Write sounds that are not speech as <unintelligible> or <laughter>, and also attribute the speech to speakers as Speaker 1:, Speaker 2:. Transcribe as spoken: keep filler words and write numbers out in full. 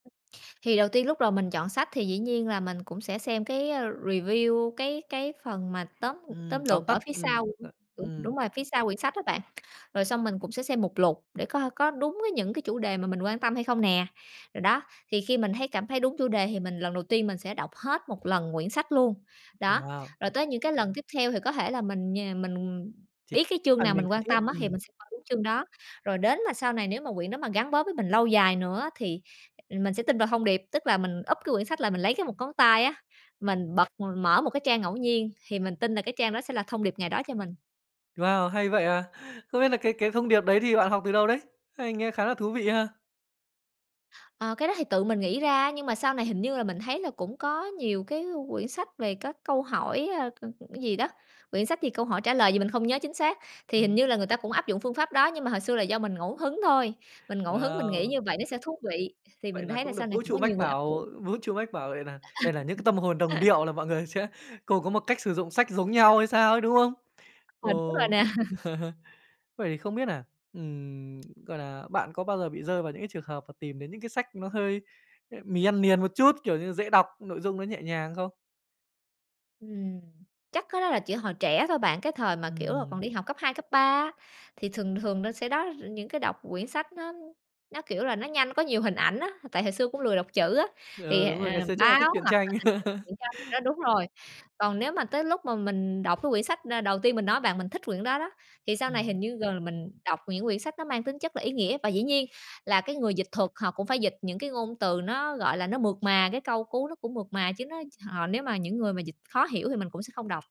Speaker 1: Thì đầu tiên lúc đầu mình chọn sách thì dĩ nhiên là mình cũng sẽ xem cái, ơ, review, cái cái phần mà tóm, ưm,
Speaker 2: Ừm,
Speaker 1: tóm
Speaker 2: tóm
Speaker 1: lược ở
Speaker 2: tắt,
Speaker 1: phía sau
Speaker 2: ừm,
Speaker 1: của
Speaker 2: ờ,
Speaker 1: của đúng,
Speaker 2: ừm.
Speaker 1: đúng rồi, phía sau quyển sách đó bạn, rồi xong mình cũng sẽ xem mục lục để có ha có đúng với những cái chủ đề mà mình quan tâm hay không nè. Rồi đó, thì khi mình thấy cảm thấy đúng chủ đề thì mình lần đầu tiên mình sẽ đọc hết một lần quyển sách luôn. Đó,
Speaker 2: Wow!
Speaker 1: rồi tới những cái lần tiếp theo thì có thể là mình nh mình, ừm, ừm,
Speaker 2: <unintelligible> cái
Speaker 1: biết cái chương
Speaker 2: phần
Speaker 1: nào
Speaker 2: mình
Speaker 1: mình
Speaker 2: cần
Speaker 1: quan
Speaker 2: thiết,
Speaker 1: tâm á thì
Speaker 2: ừm.
Speaker 1: mình sẽ coi đúng chương đó, rồi đến là sau này nếu mà quyển đó mà gắn bó với mình lâu dài nữa á, thì mình sẽ tin vào thông điệp. Tức là mình úp cái quyển sách lại mình lấy cái một ngón tay á, mình bật mở một cái trang ngẫu nhiên thì mình tin là cái trang đó sẽ là thông điệp ngày đó cho mình.
Speaker 2: Wow, hay vậy à! Không biết là cái cái thông điệp đấy thì bạn học từ đâu đấy? Hay, nghe khá là thú vị ha.
Speaker 1: Ờ, cái đó thì tự mình nghĩ ra, nhưng mà sau này hình như là mình thấy là cũng có nhiều cái quyển sách về các câu hỏi, ơ, ơ, cái gì đó, quyển sách gì câu hỏi trả lời gì mình không nhớ chính xác. Thì hình
Speaker 2: Ừm.
Speaker 1: như là người ta cũng áp dụng phương pháp đó, nhưng mà hồi xưa là do mình ngẫu hứng thôi, mình ngẫu hứng mình nghĩ
Speaker 2: Wow!
Speaker 1: như vậy nó sẽ thú vị, thì
Speaker 2: Vậy
Speaker 1: mình
Speaker 2: là
Speaker 1: thấy là
Speaker 2: cũng
Speaker 1: sau
Speaker 2: được
Speaker 1: này
Speaker 2: vũ
Speaker 1: cũng có
Speaker 2: trụ
Speaker 1: nhiều
Speaker 2: mách
Speaker 1: người áp dụng.
Speaker 2: bảo, vũ trụ mách bảo vậy nà đây là những cái tâm hồn
Speaker 1: À,
Speaker 2: đồng
Speaker 1: a, <unintelligible> <laughs>
Speaker 2: điệu là mọi người sẽ cù có một cách sử dụng sách giống nhau hay sao ấy, đúng không?
Speaker 1: <unintelligible> đúng rồi
Speaker 2: Ồ!
Speaker 1: nè. <chuckles>
Speaker 2: <chuckles> Vậy thì không biết nà, ừm, gọi là, bạn có bao giờ bị rơi vào những cái trường hợp mà tìm đến những cái sách nó hơi, ờ, mì ăn liền một chút, kiểu như, dễ đọc, nội dung nó nhẹ nhàng không?
Speaker 1: Ừm, chắc cái đó là chỉ hồi trẻ thôi bạn, cái thời mà, kiểu là, còn
Speaker 2: Ừm.
Speaker 1: đi học cấp hai, cấp ba á, thì thường thường nó sẽ đó r những cái đọc quyển sách nó nó, kiểu là, nó nhanh, có nhiều hình ảnh á, tại hồi xưa cũng lười đọc chữ á,
Speaker 2: Thì,
Speaker 1: thì,
Speaker 2: ừ,
Speaker 1: à,
Speaker 2: đúng rồi,
Speaker 1: à,
Speaker 2: ngày xưa chắc là
Speaker 1: báo
Speaker 2: thích truyện
Speaker 1: hoặc là
Speaker 2: tranh.
Speaker 1: <unintelligible>
Speaker 2: <laughs>
Speaker 1: truyện tranh, đó, đúng rồi. Còn nếu mà tới lúc mà mình đọc cái quyển sách na đầu tiên mình nói bạn mình thích quyển đó đó, thì sau
Speaker 2: Ừm,
Speaker 1: này hình
Speaker 2: ưm.
Speaker 1: như gần là mình đọc những quyển sách nó mang tính chất là ý nghĩa. Và dĩ nhiên là cái người dịch thuật họ cũng phải dịch những cái ngôn từ nó, gọi là, nó mượt mà, cái câu cú nó cũng mượt mà chứ nó họ nếu mà những người mà dịch khó hiểu thì mình cũng sẽ không đọc.